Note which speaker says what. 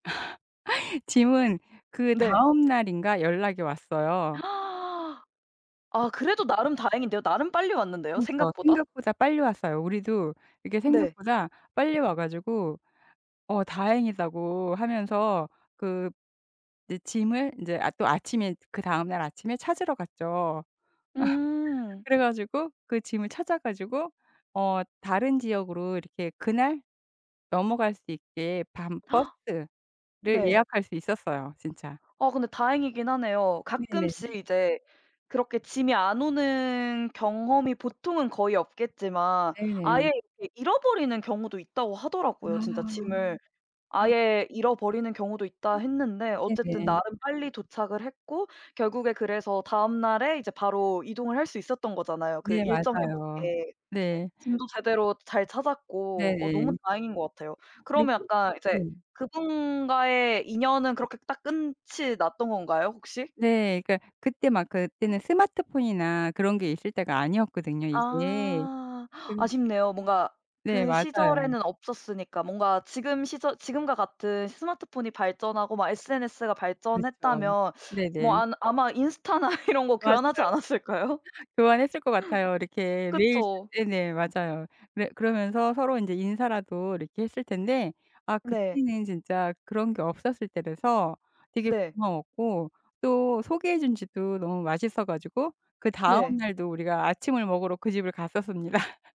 Speaker 1: 짐은 그
Speaker 2: 네.
Speaker 1: 다음 날인가 연락이 왔어요.
Speaker 2: 아 그래도 나름 다행인데요. 나름 빨리 왔는데요
Speaker 1: 그렇죠.
Speaker 2: 생각보다.
Speaker 1: 생각보다 빨리 왔어요. 우리도 이게
Speaker 2: 네.
Speaker 1: 생각보다 빨리 와 가지고 "어 다행이다."고 하면서 그 짐을 이제 아 또 아침에 그다음 날 아침에 찾으러 갔죠.
Speaker 2: 음.
Speaker 1: 그래 가지고 그 짐을 찾아 가지고 어 다른 지역으로 이렇게 그날 넘어갈 수 있게 밤 버스를
Speaker 2: 네.
Speaker 1: 예약할 수 있었어요, 진짜.
Speaker 2: 어 근데 다행이긴 하네요.
Speaker 1: 네네.
Speaker 2: 가끔씩 이제 그렇게 짐이 안 오는 경험이 보통은 거의 없겠지만 아예
Speaker 1: 네네.
Speaker 2: 이렇게 잃어버리는 경우도 있다고
Speaker 1: 아.
Speaker 2: 하더라고요, 진짜 짐을. 아예 잃어버리는 경우도 있다 했는데 어쨌든
Speaker 1: 네네.
Speaker 2: 나름 빨리 도착을 했고 결국에 그래서 다음 날에 이제 바로 이동을 할 수 있었던 거잖아요, 그
Speaker 1: 네
Speaker 2: 일정에
Speaker 1: 맞아요.
Speaker 2: 맞게.
Speaker 1: 네.
Speaker 2: 짐도 제대로 잘 찾았고. 어 너무
Speaker 1: 네네.
Speaker 2: 다행인 것 같아요.
Speaker 1: 그리고
Speaker 2: 그러면 약간 이제
Speaker 1: 네.
Speaker 2: 그분과의 인연은 그렇게 딱 끝이 났던 건가요 혹시?
Speaker 1: 네. 그니까 그때 막 그때는 스마트폰이나 그런 게 있을 때가 아니었거든요 이제.
Speaker 2: 아.
Speaker 1: 그래서
Speaker 2: 아쉽네요. 뭔가
Speaker 1: 네
Speaker 2: 그
Speaker 1: 맞아요.
Speaker 2: 시절에는 없었으니까. 뭔가 지금 시절 지금과 같은 스마트폰이 발전하고 막 SNS가
Speaker 1: 그렇죠.
Speaker 2: 발전했다면 뭐
Speaker 1: 네네.
Speaker 2: 안 아마 인스타나 이런 거
Speaker 1: 맞아요.
Speaker 2: 교환하지 않았을까요?
Speaker 1: 교환했을 것 같아요. 이렇게 매일 지
Speaker 2: 그쵸.
Speaker 1: 네네. 맞아요. 그래 그러면서 서로 인제 인사라도 이렇게 했을 텐데 아
Speaker 2: 네.
Speaker 1: 그때는 진짜 그런 게 없었을 때라서 되게
Speaker 2: 네.
Speaker 1: 고마웠고 또 소개해준 집도 너무 맛있어 가지고 그다음
Speaker 2: 네.
Speaker 1: 날도 우리가 아침을 먹으러 그 집을 갔었습니다.